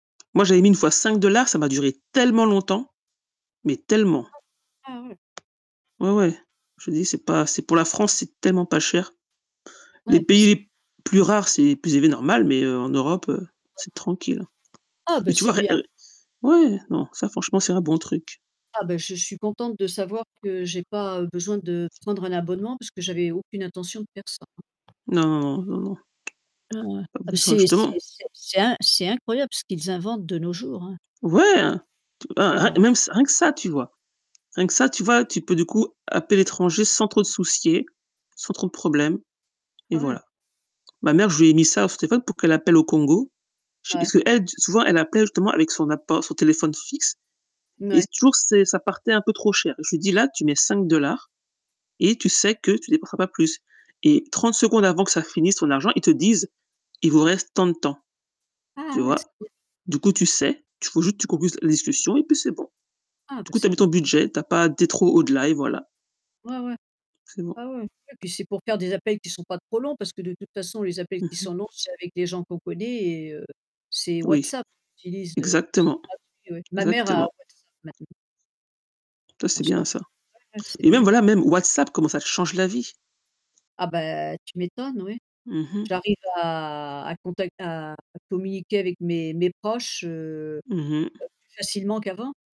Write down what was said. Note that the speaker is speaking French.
Moi, j'avais mis une fois 5 $ ça m'a duré tellement longtemps, mais tellement. [unintelligible] Ah ouais! Ouais, ouais, je dis, c'est pas c'est pour la France, c'est tellement pas cher. Ouais, Les bah pays c'est les plus rares, c'est plus élevé, normal, mais heu, en Europe, heu, Ouais, c'est ouais. tranquille, hein. Ah Mais bah, tu c'est vois, rien bien. heu, ouais, non, ça, franchement, c'est un bon truc. Ah bah, je suis contente de savoir que j'ai pas, heu, besoin de prendre un abonnement, parce que j'avais aucune intention de faire ça, hein. Non, non, non. Ah ouais. Pas Ah beh, besoin, c'est c'est justement c'est c'est in c'est incroyable, ce qu'ils inventent de nos jours, hein. Ouais, hein, tu et Ah. même ç rien que ça, tu vois? Rien que ça, tu vois, tu peux du coup appeler l'étranger sans trop te soucier sans trop de problème et Ah ouais. voilà. Ma mère, je lui ai mis ça dans son téléphone pour qu'elle appelle au Congo. Chez Ouais. est-ce qu'elle d souvent, elle appelle, justement avec son apport son téléphone fixe. Et Mouais. c toujours c'est ça partait un peu trop cher. Je lui dis: «Là, tu mets 5 $ et tu sais que tu dépenseras pas plus». Et 30 secondes avant que ça finisse ton argent, ils te disent: «Il vous reste tant de temps», tu Ah ouais, vois? c'est. [unintelligible] Du coup tu sais, tu rajoutes tu concluse la discussion et puis c'est bon. Ah, Du bah coup, tu as c'est mis bien. ton budget, tu as pas dé trop au-delà, et voilà. Ouais, ouais. C'est bon. Ah ouais. Ouais, puis c'est pour faire des appels qui sont pas trop longs parce que de toute façon, les appels Mmh qui mh. sont longs c'est avec des gens qu'on connaît, et, heu, c'est Oui, WhatsApp, qui utilises, heu, WhatsApp, c'est Exactement, gratuit, ouais. Ma mère a exactement. WhatsApp, maintenant. Ta On c'est se bien, parle ça. ouais, ouais, c'est Et même, bien. voilà, même WhatsApp comment ça te change la vie! Ah bah, tu m'étonnes, ouais. Mmh mh. J'arrive à à contact à communiquer avec mes mes proches, heu heu, Mmh mh. plus facilement qu'avant.